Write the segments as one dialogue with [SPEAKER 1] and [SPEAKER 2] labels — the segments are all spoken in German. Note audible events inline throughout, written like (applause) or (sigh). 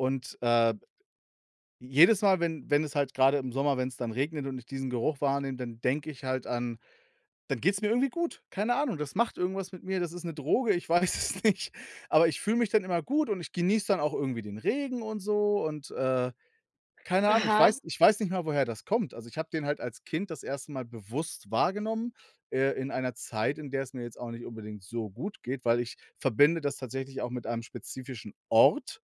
[SPEAKER 1] Und, äh jedes Mal, wenn wenn es halt grade im Sommer, wenn's dann regnet und ich diesen Geruch wahrnehme, dann denke ich halt an dann geht's mir irgendwie gut. Keine Ahnung, das macht irgendwas mit mir, das ist 'ne Droge, ich weiß es nicht, aber ich fühle mich dann immer gut und ich genieße dann auch irgendwie den Regen und so und, äh, keine Ahnung. Ich
[SPEAKER 2] Aha.
[SPEAKER 1] weiß ich weiß nicht mal, woher das kommt, also ich habe den halt als Kind das 1. Mal bewusst wahrgenommen, äh, in einer Zeit, in der es mir jetzt auch nicht unbedingt so gut geht, weil ich verbinde das tatsächlich auch mit einem spezifischen Ort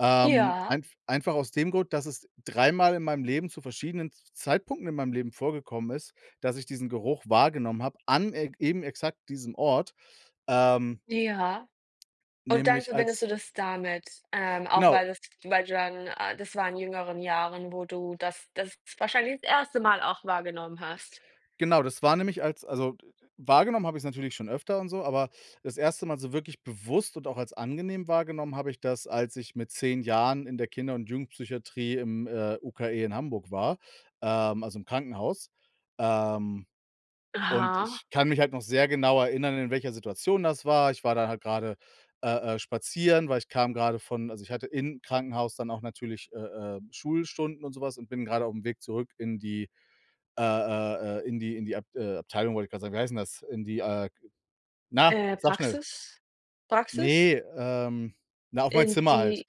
[SPEAKER 1] ähm,
[SPEAKER 2] Ja.
[SPEAKER 1] einf einfach aus dem Grund, dass es dreimal in meinem Leben zu verschiedenen Z Zeitpunkten in meinem Leben vorgekommen ist, dass ich diesen Geruch wahrgenommen hab an eg eben exakt diesem Ort. Ähm
[SPEAKER 2] Ja, und dann
[SPEAKER 1] nämlich
[SPEAKER 2] verbindest
[SPEAKER 1] als
[SPEAKER 2] du das damit? Ähm, auch
[SPEAKER 1] Genau.
[SPEAKER 2] weil das weil du dann äh, das war in jüngeren Jahren, wo du das das wahrscheinlich das 1. Mal auch wahrgenommen hast?
[SPEAKER 1] Genau, das war nämlich als also, d d wahrgenommen habe ich‘s natürlich schon öfter und so, aber das 1. Mal so wirklich bewusst und auch als angenehm wahrgenommen habe ich das, als ich mit 10 Jahren in der Kinder und Jugendpsychiatrie im, äh, UKE in Hamburg war, ähm, also im Krankenhaus. Ähm, und
[SPEAKER 2] Aha.
[SPEAKER 1] ich kann mich halt noch sehr genau erinnern, in welcher Situation das war, ich war da halt grade, äh äh, spazieren, weil ich kam grade von also ich hatte im Krankenhaus dann auch natürlich, äh äh, Schulstunden und so was und bin grade auf'm Weg zurück in die, äh äh äh, in die in die Abt äh, Abteilung wollte ich grad sagen, wie heißt denn das? In die, äh, na!
[SPEAKER 2] Äh,
[SPEAKER 1] Sage schnell!
[SPEAKER 2] Praxis? Praxis?
[SPEAKER 1] Ne, ähm, na, auf mein
[SPEAKER 2] In
[SPEAKER 1] Zimmer halt.
[SPEAKER 2] die?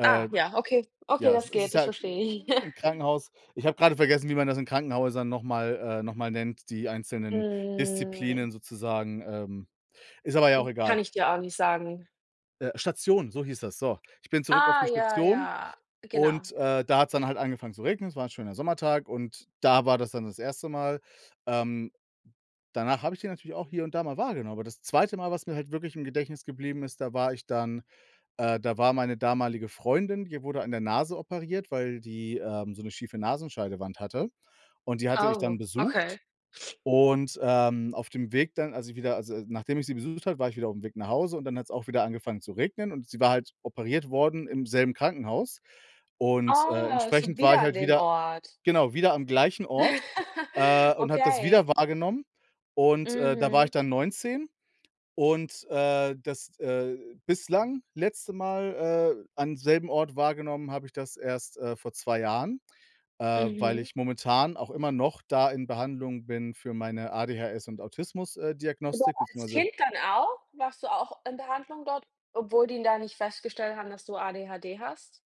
[SPEAKER 2] Ah ja, okay. Okay,
[SPEAKER 1] ja, es
[SPEAKER 2] das
[SPEAKER 1] ist
[SPEAKER 2] geht, das
[SPEAKER 1] ja, äh,
[SPEAKER 2] verstehe ich.
[SPEAKER 1] im
[SPEAKER 2] (chuckles)
[SPEAKER 1] Krankenhaus. Ich habe grade vergessen, wie man das in Krankenhäusern noch mal, äh noch mal nennt, die einzelnen
[SPEAKER 2] Mm.
[SPEAKER 1] Disziplinen sozusagen, ähm, ist aber ja
[SPEAKER 2] Äh,
[SPEAKER 1] auch egal.
[SPEAKER 2] kann ich dir auch nicht sagen.
[SPEAKER 1] Äh, Station, so hieß das, so. Ich bin zurück auf
[SPEAKER 2] Ah
[SPEAKER 1] die
[SPEAKER 2] ja,
[SPEAKER 1] Station
[SPEAKER 2] ja, genau.
[SPEAKER 1] und, äh, da hat‘s dann halt angefangen zu regnen. Es war 'n schöner Sommertag und da war das dann das 1. Mal, ähm, danach habe ich den natürlich auch hier und da mal wahrgenommen. Aber, das 2. Mal, was mir halt wirklich im Gedächtnis geblieben ist, da war ich dann, äh da war meine damalige Freundin die wurde an der Nase operiert, weil die, ähm, so 'ne schiefe Nasenscheidewand hatte und die hatte ich dann
[SPEAKER 2] Oh,
[SPEAKER 1] besucht.
[SPEAKER 2] okay.
[SPEAKER 1] Und, ähm, auf dem Weg dann, als ich wieder also nachdem ich sie besucht habe, war ich wieder auf'm Weg nach Hause und dann hat‘s auch wieder angefangen zu regnen und sie war halt operiert worden im selben Krankenhaus. Und, äh,
[SPEAKER 2] Oh, so
[SPEAKER 1] entsprechend war
[SPEAKER 2] wieder
[SPEAKER 1] ich
[SPEAKER 2] an
[SPEAKER 1] halt
[SPEAKER 2] dem
[SPEAKER 1] wieder
[SPEAKER 2] Ort.
[SPEAKER 1] genau, wieder am gleichen Ort, äh,
[SPEAKER 2] (laughs)
[SPEAKER 1] und habe das wieder
[SPEAKER 2] Okay.
[SPEAKER 1] wahrgenommen. Und, äh, da war ich
[SPEAKER 2] Mhm.
[SPEAKER 1] dann 19 und, äh, das, äh, bislang letzte Mal, äh, am selben Ort wahrgenommen habe ich das erst, äh, vor 2 Jahren, äh, weil
[SPEAKER 2] Mhm.
[SPEAKER 1] ich momentan auch immer noch da in Behandlung bin für meine ADHS und Autismus, äh,
[SPEAKER 2] Du warst
[SPEAKER 1] Diagnostik,
[SPEAKER 2] als
[SPEAKER 1] beziehungsweise
[SPEAKER 2] Kind dann auch? Warst du auch in Behandlung dort, obwohl die da nicht festgestellt haben, dass du ADHD hast?